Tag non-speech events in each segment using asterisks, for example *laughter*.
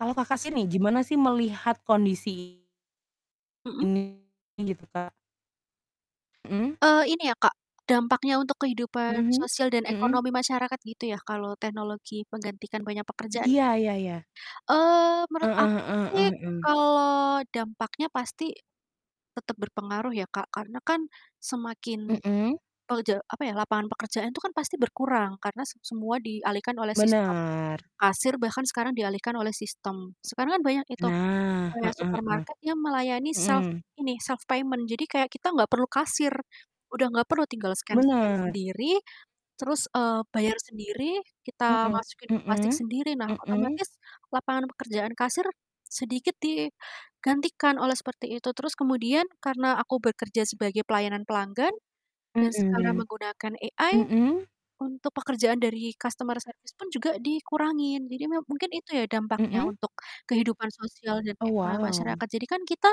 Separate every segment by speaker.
Speaker 1: Kalau Kakak sih ni, gimana sih melihat kondisi
Speaker 2: Mhm.
Speaker 1: Ini gitu, Kak. Mhm.
Speaker 2: Eee, ini ya Kak, dampaknya untuk kehidupan
Speaker 1: Mhm
Speaker 2: sosial dan
Speaker 1: mhm.
Speaker 2: ekonomi masyarakat gitu ya kalau teknologi menggantikan banyak pekerjaan gitu
Speaker 1: Iya
Speaker 2: ya,
Speaker 1: iya iya.
Speaker 2: eee, menurut
Speaker 1: Heeh
Speaker 2: aku
Speaker 1: heeh
Speaker 2: sih
Speaker 1: heeh heeh.
Speaker 2: kalau dampaknya pasti, tetep berpengaruh ya Kak karena kan, semakin,
Speaker 1: Mhm.
Speaker 2: eee, je apa ya, lapangan pekerjaan itu kan pasti berkurang karena se semua dialihkan oleh sistem,
Speaker 1: Benar.
Speaker 2: kasir bahkan sekarang dialihkan oleh sistem, sekarang kan banyak itu,
Speaker 1: Nah,
Speaker 2: kayak
Speaker 1: heeh heeh,
Speaker 2: supermarket yang melayani self
Speaker 1: mhm.
Speaker 2: ini, self payment jadi kayak kita gak perlu kasir, udah gak perlu tinggal scan scan
Speaker 1: Bener.
Speaker 2: sendiri, terus, eee, bayar sendiri, kita
Speaker 1: Mhm,
Speaker 2: masukin ke plastik
Speaker 1: mhm,
Speaker 2: sendiri nah
Speaker 1: mhm.
Speaker 2: otomatis, lapangan pekerjaan kasir, sedikit digantikan oleh seperti itu, terus kemudian karena aku bekerja sebagai pelayanan pelanggan, dan sekarang
Speaker 1: Mhm,
Speaker 2: menggunakan AI,
Speaker 1: mhm?
Speaker 2: untuk pekerjaan dari customer service pun juga dikurangin jadi me mungkin itu ya dampaknya
Speaker 1: Mhm.
Speaker 2: untuk kehidupan sosial dan
Speaker 1: Oh
Speaker 2: ekonomi
Speaker 1: wow.
Speaker 2: masyarakat jadi kan kita,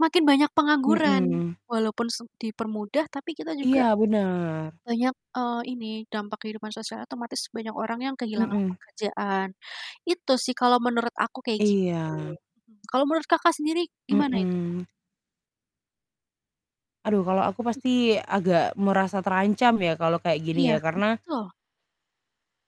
Speaker 2: makin banyak pengangguran,
Speaker 1: Mhm.
Speaker 2: walaupun s dipermudah tapi kita juga,
Speaker 1: Iya bener.
Speaker 2: banyak, eee, ini dampak kehidupan sosial otomatis banyak orang yang kehilangan
Speaker 1: Mhm.
Speaker 2: pekerjaan, itu sih kalau menurut aku kayak gitu,
Speaker 1: Iya.
Speaker 2: kalau menurut Kakak sendiri gimana itu, Kak?
Speaker 1: Mhm. Aduh kalau aku
Speaker 2: Mmm.
Speaker 1: pasti agak merasa terancam ya kalau kayak gini
Speaker 2: Iya
Speaker 1: ya karena
Speaker 2: betul.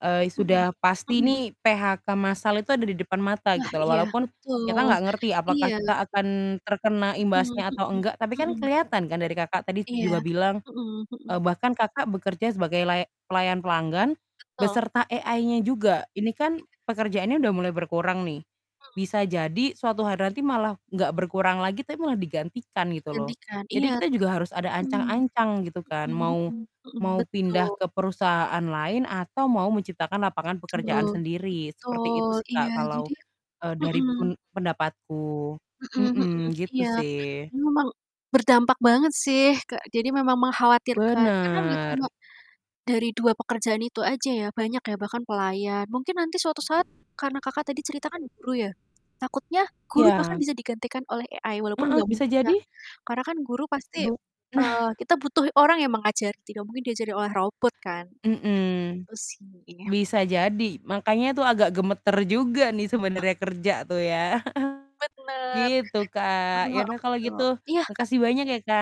Speaker 1: eee,
Speaker 2: Mhm,
Speaker 1: sudah pasti
Speaker 2: mhm.
Speaker 1: nih PHK masal itu ada di depan mata
Speaker 2: Wah
Speaker 1: gitu loh
Speaker 2: iya
Speaker 1: walaupun, kita
Speaker 2: betul
Speaker 1: nggak ngerti
Speaker 2: iya.
Speaker 1: apakah kita akan terkena
Speaker 2: Mhm
Speaker 1: imbasnya atau
Speaker 2: mhm
Speaker 1: enggak tapi kan
Speaker 2: mhm.
Speaker 1: kelihatan kan dari Kakak tadi
Speaker 2: Iya,
Speaker 1: juga bilang,
Speaker 2: mhm
Speaker 1: eee,
Speaker 2: mhm.
Speaker 1: bahkan Kakak bekerja sebagai laya pelayan pelanggan,
Speaker 2: Betul.
Speaker 1: beserta AI-nya juga ini kan,
Speaker 2: Iya.
Speaker 1: pekerjaannya udah mulai berkurang nih,
Speaker 2: Mmm.
Speaker 1: bisa jadi suatu hari nanti malah nggak berkurang lagi, tapi malah digantikan gitu loh,
Speaker 2: Digantikan
Speaker 1: jadi
Speaker 2: iya,
Speaker 1: kita juga harus ada
Speaker 2: mmm,
Speaker 1: ancang-ancang gitu kan,
Speaker 2: mhm
Speaker 1: mau
Speaker 2: mhm mhm,
Speaker 1: mau
Speaker 2: betul.
Speaker 1: pindah ke perusahaan lain atau mau menciptakan lapangan
Speaker 2: Betul
Speaker 1: pekerjaan sendiri seperti itu
Speaker 2: betul
Speaker 1: sih
Speaker 2: iya
Speaker 1: Kak kalau,
Speaker 2: jadi ya
Speaker 1: eee, dari
Speaker 2: mhm.
Speaker 1: pen pendapatku,
Speaker 2: Mhm mhm,
Speaker 1: mhm, gitu
Speaker 2: iya,
Speaker 1: sih.
Speaker 2: memang, berdampak banget sih ke jadi memang mengkhawatirkan karena enggak
Speaker 1: Bener.
Speaker 2: cuma, dari 2 pekerjaan itu aja ya, banyak ya, bahkan pelayan mungkin nanti suatu saat, karena Kakak tadi cerita kan guru ya, takutnya guru bahkan
Speaker 1: Iya.
Speaker 2: bisa digantikan oleh AI walaupun
Speaker 1: Heeh,
Speaker 2: gak
Speaker 1: bisa
Speaker 2: mungkin ya,
Speaker 1: jadi
Speaker 2: karena kan guru pasti
Speaker 1: Bu
Speaker 2: eee,
Speaker 1: nah.
Speaker 2: kita butuh orang yang mengajari tidak mungkin diajari oleh robot kan,
Speaker 1: Mhm,
Speaker 2: gitu sih.
Speaker 1: bisa jadi makanya itu agak gemeter juga nih sebenarnya kerja tuh ya, *chuckles*
Speaker 2: Bener.
Speaker 1: gitu Kak ya
Speaker 2: Mhm
Speaker 1: udah kalau
Speaker 2: betul
Speaker 1: gitu
Speaker 2: iya, Kak.
Speaker 1: makasih banyak ya, Kak.